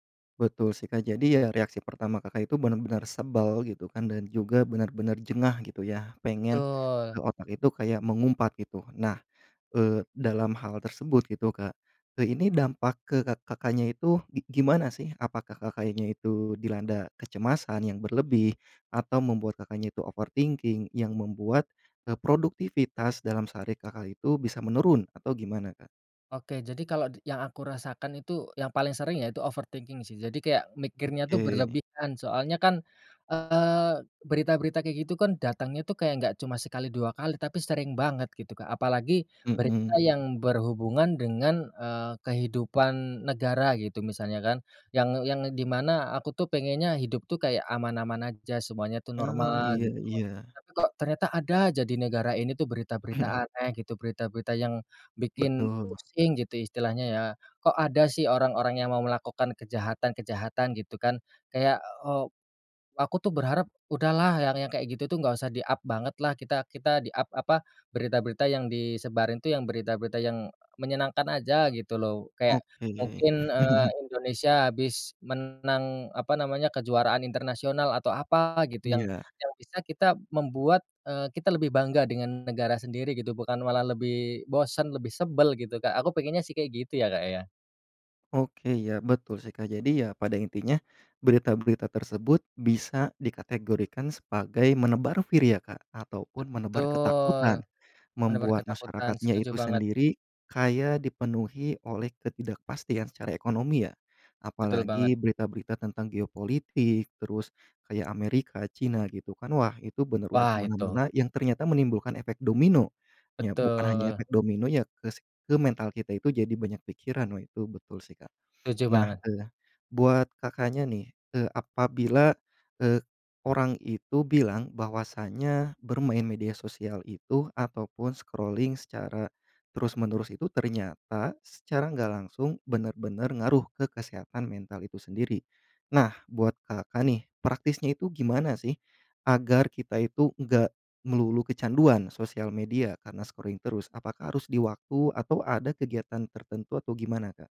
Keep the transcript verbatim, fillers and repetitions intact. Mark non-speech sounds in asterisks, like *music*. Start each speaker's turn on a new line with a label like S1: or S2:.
S1: Betul sih, Kak, jadi ya reaksi pertama Kakak itu benar-benar sebel gitu kan, dan juga benar-benar jengah gitu ya, pengen, eee,
S2: Betul.
S1: otak itu kayak mengumpat gitu. Nah, eee, dalam hal tersebut gitu, Kak, eee, ini dampak ke kak Kakaknya itu gi gimana sih? Apakah kakaknya itu dilanda kecemasan yang berlebih atau membuat Kakaknya itu overthinking yang membuat, eee, produktivitas dalam sehari Kakak itu bisa menurun atau gimana, Kak?
S2: Oke, jadi kalau d yang aku rasakan itu, yang paling sering yaitu overthinking sih. Jadi kayak mikirnya tuh
S1: Oke.
S2: berlebihan, soalnya kan, eee, berita-berita kayak gitu kan, datangnya tuh kayak nggak cuma sekali, dua kali, tapi sering banget gitu, Kak, apalagi berita
S1: Mhm.
S2: yang berhubungan dengan, eee, kehidupan negara gitu, misalnya kan. Yang yang di mana aku tuh pengennya hidup tuh kayak aman-aman aja, semuanya tuh
S1: Oh,
S2: normal
S1: iya
S2: gitu,
S1: iya.
S2: tapi kok ternyata ada aja di negara ini tuh berita-berita
S1: Mhm.
S2: aneh gitu, berita-berita yang bikin
S1: Betul.
S2: pusing gitu istilahnya ya, kok ada sih orang-orang yang mau melakukan kejahatan-kejahatan gitu kan, kayak, eee, aku tuh berharap udahlah yang yang kayak gitu tuh nggak usah di-up banget lah, kita kita di-up apa, berita-berita yang disebarin tuh yang berita-berita yang, eee, menyenangkan aja gitu loh. Kayak
S1: Oke.
S2: mungkin, eee,
S1: *chuckles*
S2: Indonesia habis menang apa namanya, kejuaraan internasional atau apa gitu, yang
S1: Iya.
S2: yang bisa kita membuat, eee, kita lebih bangga dengan negara sendiri gitu, bukan malah lebih bosen, lebih sebel gitu, Kak, aku pengennya sih kayak gitu ya, Kak, ya.
S1: Oke, ya betul sih, Kak. Jadi, ya pada intinya berita-berita tersebut bisa dikategorikan sebagai menebar fear ya, Kak, atau pun menebar
S2: Betul,
S1: ketakutan,
S2: benar-benar
S1: membuat
S2: ketakutan,
S1: masyarakatnya
S2: setuju
S1: itu
S2: banget.
S1: sendiri kayak dipenuhi oleh ketidakpastian secara ekonomi ya.
S2: Betul banget.
S1: Apalagi berita-berita tentang geopolitik, terus kayak Amerika, China gitu kan, wah itu bener udah ke
S2: Wah, itu.
S1: mana-mana yang ternyata menimbulkan efek domino. Ya bukan hanya
S2: Betul.
S1: efek dominonya ke si ke mental kita itu jadi banyak pikiran, wah itu betul sih, Kak.
S2: Setuju
S1: Nah,
S2: banget.
S1: eee, buat Kakaknya nih, eee, apabila, eee, orang itu bilang bahwasanya bermain media sosial itu atau pun scrolling secara terus-menerus itu, ternyata secara nggak langsung bener-bener ngaruh ke kesehatan mental itu sendiri. Nah, buat Kakak nih, praktisnya itu gimana sih, agar kita itu enggak melulu kecanduan sosial media karena scrolling terus. Apakah harus di waktu atau ada kegiatan tertentu atau gimana, Kak?